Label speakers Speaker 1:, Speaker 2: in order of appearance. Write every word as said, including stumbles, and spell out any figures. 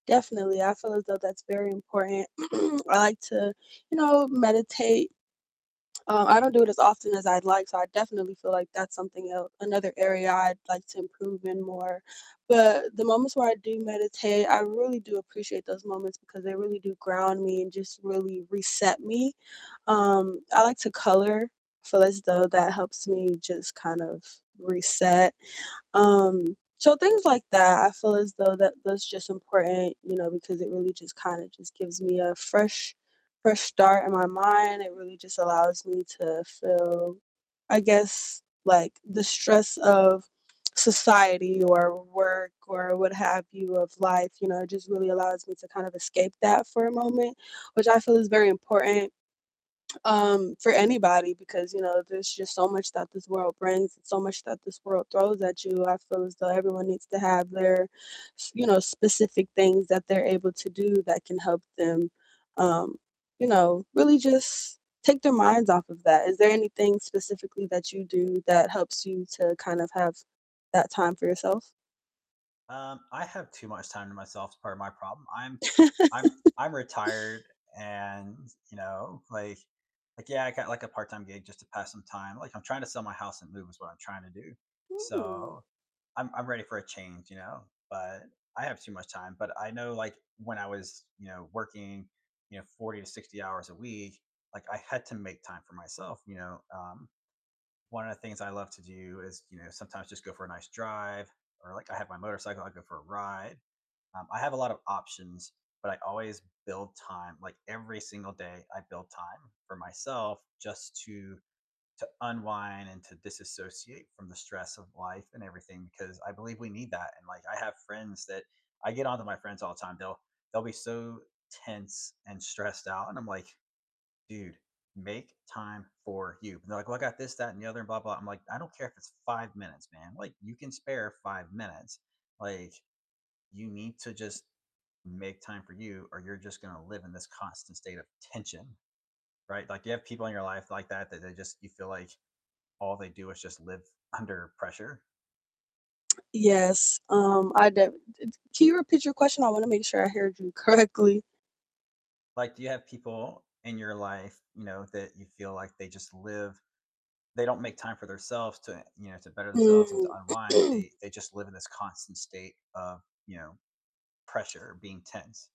Speaker 1: Definitely, I feel as though that's very important. I like to, you know, meditate. Um, I don't do it as often as I'd like, so I definitely feel like that's something el another area I'd like to improve in more, but the moments where I do meditate, I really do appreciate those moments, because they really do ground me and just really reset me. Um, I like to color, feel as though that helps me just kind of reset. Um, so things like that, I feel as though that those just important, you know, because it really just kinda just gives me a fresh fresh start in my mind, it really just allows me to feel, I guess, like the stress of society or work or what have you of life, you know, it just really allows me to kind of escape that for a moment, which I feel is very important, um, for anybody, because, you know, there's just so much that this world brings and so much that this world throws at you, I feel as though everyone needs to have their s you know, specific things that they're able to do that can help them, um, you know, really just take their minds off of that. Is there anything specifically that you do that helps you to kind of have that time for yourself?
Speaker 2: Um, I have too much time to myself is part of my problem, I'm I'm I'm retired and, you know, like like, yeah, I got, like, a part-time gig just to pass some time, like, I'm trying to sell my house and move is what I'm trying to do,
Speaker 1: Hmm.
Speaker 2: so, I'm I'm ready for a change, you know? But I have too much time. But I know, like, when I was, you know, working, you know, forty to sixty hours a week, like, I had to make time for myself, you know, um, one of the things I love to do is, you know, sometimes just go for a nice drive or, like, I have my motorcycle, I go for a ride, um, I have a lot of options, but I always build time, like, every single day I build time for myself just to to unwind and to disassociate from the stress of life and everything, because I believe we need that, and, like, I have friends that I get onto my friends all the time, they'll they'll be so tense and stressed out and I'm like, "Dude, make time for you," and they're like, "Well, I got this, that, and the other, and blah, blah," I'm like, "I don't care if it's five minutes, man. Like, you can spare five minutes. Like, you need to just make time for you or you're just gonna live in this constant state of tension," right? Like, do you have people in your life like that, that they just you feel like all they do is just live under pressure?
Speaker 1: Yes, um, I d it Can you repeat your question? I wanna make sure I haird you correctly.
Speaker 2: Like, do you have people in your life, you know, that you feel like they just live They don't make time for their selves to en you know, to better themselves and to
Speaker 1: Mm.
Speaker 2: unwind, they they just live in this constant state of, you know, pressure, being tense?